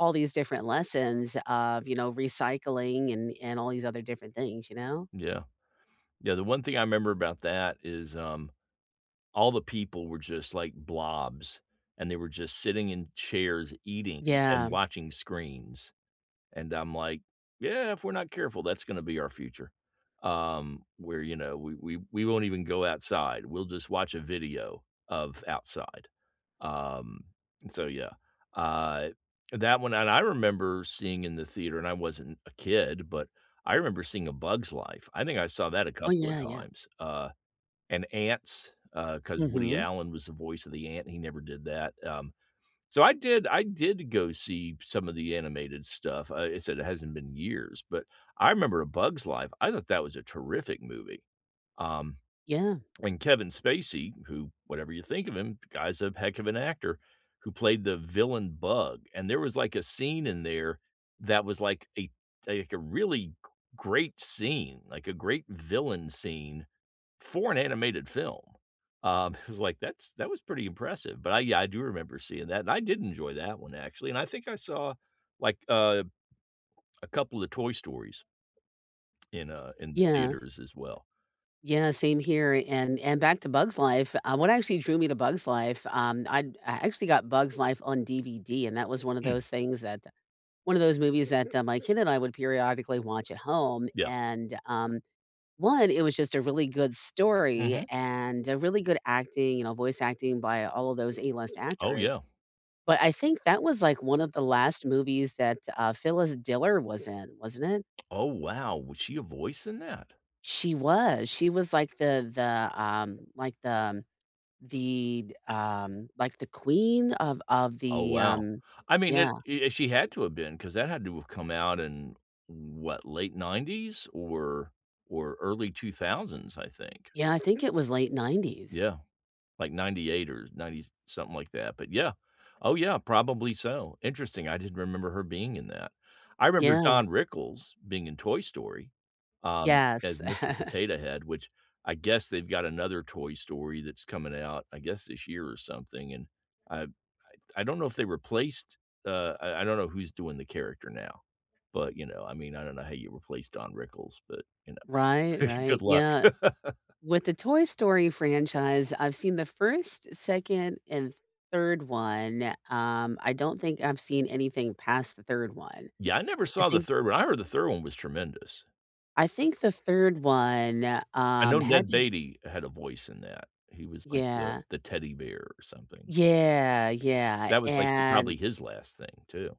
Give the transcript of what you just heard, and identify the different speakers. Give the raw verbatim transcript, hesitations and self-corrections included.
Speaker 1: All these different lessons of, you know, recycling and and all these other different things, you know?
Speaker 2: Yeah, yeah, the one thing I remember about that is, um, all the people were just, like, blobs, and they were just sitting in chairs, eating and
Speaker 1: Yeah.
Speaker 2: watching screens, and I'm like, "Yeah, If we're not careful, that's gonna be our future," um, where, you know, we we we won't even go outside, we'll just watch a video of outside. Um, so, yeah, uh, that one, and I remember seeing in the theater, and I wasn't a kid, but I remember seeing A Bug's Life. I think I saw that a
Speaker 1: Oh,
Speaker 2: couple of
Speaker 1: yeah, yeah.
Speaker 2: times, uh, and Ants, uh, 'cause Woody
Speaker 1: Mhm.
Speaker 2: Allen was the voice of the ant, he never did that, um, so, I did I did go see some of the animated stuff, uh, I said it hasn't been years, but I remember A Bug's Life, I thought that was a terrific movie, um,
Speaker 1: Yeah.
Speaker 2: and Kevin Spacey, who, whatever you think of him, the guy's a heck of an actor, who played the villain bug, and there was, like, a scene in there that was, like, a, like, a really gr great scene, like a great villain scene for an animated film, um, it was like that's that was pretty impressive, but I, yeah, I do remember seeing that, and I did enjoy that one, actually, and I think I saw, like, a a couple of Toy Stories in uh, in the
Speaker 1: Yeah.
Speaker 2: theaters as well.
Speaker 1: Yeah, same here, and and back to Bug's Life, uh, what actually drew me to Bug's Life, um, I I actually got Bug's Life on DVD and that was one of
Speaker 2: Mm.
Speaker 1: those things that one of those movies that, uh, my kid and I would periodically watch at home,
Speaker 2: Yeah.
Speaker 1: and, um, one, it was just a really good story
Speaker 2: Mhm.
Speaker 1: and, uh, really good acting, you know, voice acting by all of those A-list
Speaker 2: Oh,
Speaker 1: actors,
Speaker 2: yeah.
Speaker 1: but I think that was, like, one of the last movies that, uh, Phyllis Diller was in, wasn't it?
Speaker 2: Oh, wow! Was she a voice in that?
Speaker 1: She was, she was, like, the the, um, like the, the, d um, like, the queen of of
Speaker 2: Oh,
Speaker 1: the,
Speaker 2: wow.
Speaker 1: um,
Speaker 2: I mean, it,
Speaker 1: yeah.
Speaker 2: i she had to have been 'cause that had to have come out in what, late nineties or or early two thousands, I think.
Speaker 1: Yeah, I think it was late nineties.
Speaker 2: Yeah, like ninty eight or 90-something like that, but yeah, oh, yeah, probably so. Interesting, I didn't remember her being in that. I remember
Speaker 1: Yeah.
Speaker 2: Don Rickles being in Toy Story, um,
Speaker 1: Yes.
Speaker 2: as Mr. Potato Head, which I guess they've got another Toy Story that's coming out, I guess this year or something, and I I d don't know if they replaced, uh, I I don't know who's doing the character now, but, you know, I mean, I don't know how you replace Don Rickles, but, you know,
Speaker 1: Right, right,
Speaker 2: good luck.
Speaker 1: yeah. With the Toy Story franchise, I've seen the 1st, 2nd, and first, second, third. Um, I don't think I've seen anything past the third one.
Speaker 2: Yeah, I never
Speaker 1: I
Speaker 2: saw the
Speaker 1: think
Speaker 2: third one, I heard the third one was tremendous.
Speaker 1: I think the third one,
Speaker 2: I know
Speaker 1: um,
Speaker 2: Ned
Speaker 1: had to d eh
Speaker 2: Beatty had a voice in that. He was like the
Speaker 1: Yeah.
Speaker 2: the teddy bear or something.
Speaker 1: Yeah, yeah,
Speaker 2: That was like e probably
Speaker 1: and
Speaker 2: his last thing, too.